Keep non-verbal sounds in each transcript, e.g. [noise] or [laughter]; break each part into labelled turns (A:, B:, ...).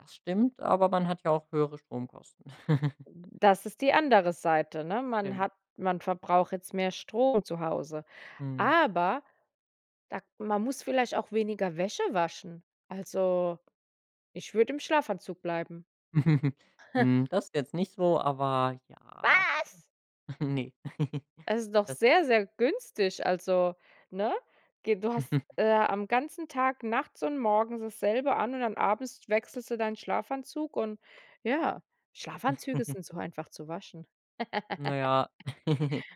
A: Das stimmt, aber man hat ja auch höhere Stromkosten. [giggles]
B: Das ist die andere Seite, ne? Man
A: Stimmt.
B: hat man verbraucht jetzt mehr Strom zu Hause,
A: Mhm.
B: aber da k man muss vielleicht auch weniger Wäsche waschen. Also, ich würde im Schlafanzug bleiben.
A: [chuckles]
B: [giggles]
A: Hm, das jetzt nicht so, aber ja.
B: Was?
A: [giggles] Ne. [giggles]
B: Es ist doch
A: Das
B: sehr, sehr günstig, also ne? Ge du hast,
A: [giggles]
B: äh, am ganzen Tag nachts und morgens dasselbe an und dann abends wechselst du deinen Schlafanzug und ja, Schlafanzüge
A: [chuckles]
B: sind so einfach zu waschen.
A: Na
B: [giggles]
A: ja. [giggles]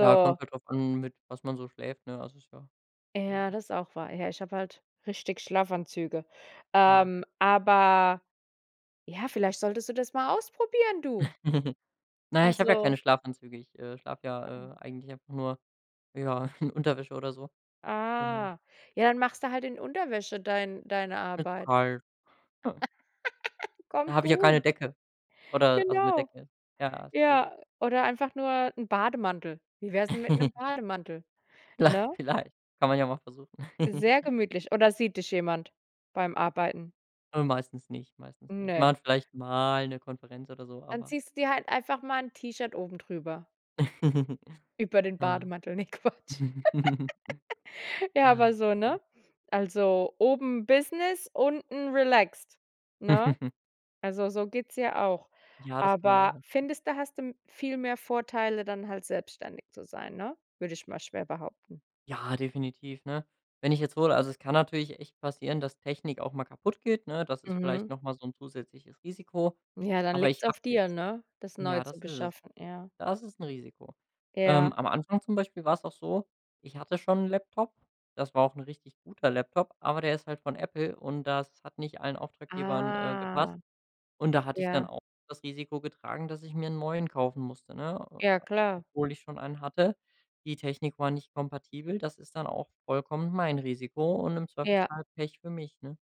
A: Ja, kommt halt drauf an mit was man so schläft, ne, das ist ja ja.
B: Ja, das auch wahr. Ja, ich habe halt richtig Schlafanzüge.
A: Ja.
B: Ähm, aber ja, vielleicht solltest du das mal ausprobieren, du.
A: [giggles] Na, ich habe ja
B: Also
A: keine Schlafanzüge, ich, äh, schlafe ja, äh, eigentlich einfach nur, ja, in Unterwäsche oder so. Genau.
B: Ah, ja dann machst du halt in Unterwäsche dein deine
A: Mir zu
B: Arbeit.
A: kalt.
B: [laughs]
A: Da
B: Kommt
A: habe ich ja keine
B: gut.
A: Decke oder also mit
B: Genau.
A: Decke, ja, ist schwierig.
B: Ja, oder einfach nur 'n Bademantel. Wie wär's 'n mit 'nem
A: [giggles]
B: Bademantel?
A: La
B: Ne?
A: vielleicht, kann man ja mal versuchen. [giggles]
B: Sehr gemütlich. Oder sieht dich jemand beim Arbeiten?
A: Äh, meistens nicht, meistens nicht.
B: Ne.
A: Man vielleicht mal 'ne Konferenz oder so,
B: Dann
A: aber
B: ziehst du dir halt einfach mal 'n T-Shirt oben drüber
A: [giggles]
B: über den
A: Ja.
B: Bademantel, ne Quatsch.
A: [giggles]
B: [laughs] Ja, aber
A: Ja,
B: so, ne?
A: stimmt.
B: Also, oben Business, unten relaxt, ne?
A: [giggles]
B: Also so geht's ja auch.
A: Ja, das kann man auch
B: Aber
A: machen.
B: findest du, hast du viel mehr Vorteile, dann halt selbstständig zu sein, ne? Würde ich mal schwer behaupten.
A: Ja, definitiv, ne? Wenn ich jetzt hole also es kann natürlich echt passieren, dass Technik auch mal kaputt geht, ne? Das ist vielleicht
B: Mhm.
A: noch mal so 'n zusätzliches Risiko,
B: Ja, dann
A: aber
B: liegt's
A: ich habe
B: auf dir,
A: jetzt
B: ne, das neu
A: Ja,
B: zu
A: das ist es.
B: beschaffen, ja.
A: Das ist 'n Risiko. Ähm,
B: Ja.
A: am Anfang zum Beispiel war es auch so, ich hatte schon 'n Laptop, das war auch 'n richtig guter Laptop, aber der ist halt von Apple und das hat nicht allen Auftraggebern, äh,
B: Ah,
A: gepasst. Und da hatte ich dann
B: ja.
A: auch das Risiko getragen, dass ich mir 'n neuen kaufen musste, ne? Und
B: Ja,
A: da
B: klar.
A: obwohl ich schon einen hatte, die Technik war nicht kompatibel, das ist dann auch vollkommen mein Risiko und im
B: Ja.
A: Zweifelsfall Pech für mich, ne?